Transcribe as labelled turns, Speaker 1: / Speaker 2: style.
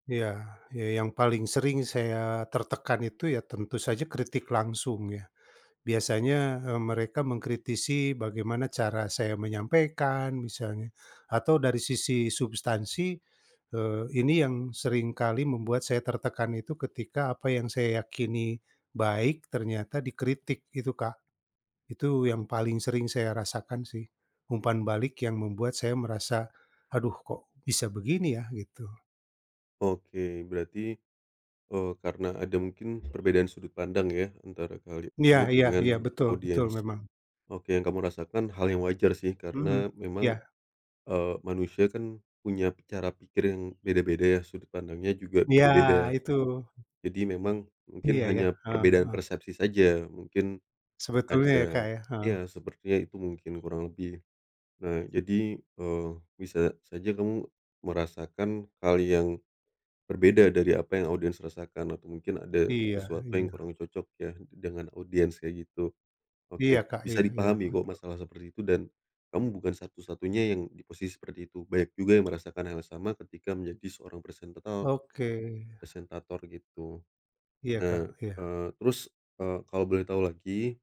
Speaker 1: Iya. Ya yang paling sering saya tertekan itu, ya tentu saja kritik langsung ya. Biasanya, eee, mereka mengkritisi bagaimana cara saya menyampaikan misalnya, atau dari sisi substansi, eee, ini yang sering kali membuat saya tertekan itu, ketika apa yang saya yakini baik, ternyata dikritik, itu, Kak. Itu yang paling sering saya rasakan sih, umpan balik yang membuat saya merasa, "Aduh, kok bisa begini ya?" Gitu.
Speaker 2: Oke, berarti, eee, karena ada mungkin perbedaan sudut pandang ya, antara kali
Speaker 1: Iya
Speaker 2: kamu
Speaker 1: iya
Speaker 2: dengan
Speaker 1: iya, betul betul,
Speaker 2: audiens.
Speaker 1: memang.
Speaker 2: Oke, yang kamu rasakan hal yang wajar sih,
Speaker 1: Mhm,
Speaker 2: karena memang,
Speaker 1: ya.
Speaker 2: eee, manusia kan punya cara pikir yang beda-beda ya, sudut pandangnya juga
Speaker 1: Iya,
Speaker 2: beda-beda.
Speaker 1: itu.
Speaker 2: Jadi memang, mungkin
Speaker 1: Iya ya.
Speaker 2: hanya
Speaker 1: Heeh
Speaker 2: perbedaan
Speaker 1: heeh.
Speaker 2: persepsi saja, mungkin
Speaker 1: Sebetulnya ya,
Speaker 2: ada
Speaker 1: Kak, ya? Heeh.
Speaker 2: ya sepertinya itu mungkin kurang lebih. Nah, jadi, eee, bisa saja kamu merasakan hal yang berbeda dari apa yang audiens rasakan atau mungkin ada
Speaker 1: Iya
Speaker 2: sesuatu yang
Speaker 1: iya.
Speaker 2: kurang cocok ya, dengan audiens kayak gitu. Oke,
Speaker 1: Iya, Kak,
Speaker 2: bisa
Speaker 1: iya iya,
Speaker 2: dipahami kok,
Speaker 1: heeh.
Speaker 2: masalah seperti itu dan kamu bukan satu-satunya yang di posisi seperti itu, banyak juga yang merasakan hal yang sama ketika menjadi seorang presentato eee,
Speaker 1: Oke.
Speaker 2: presentator gitu.
Speaker 1: Iya, Kak,
Speaker 2: Nah,
Speaker 1: iya.
Speaker 2: eee, terus, eee, kalo boleh tau lagi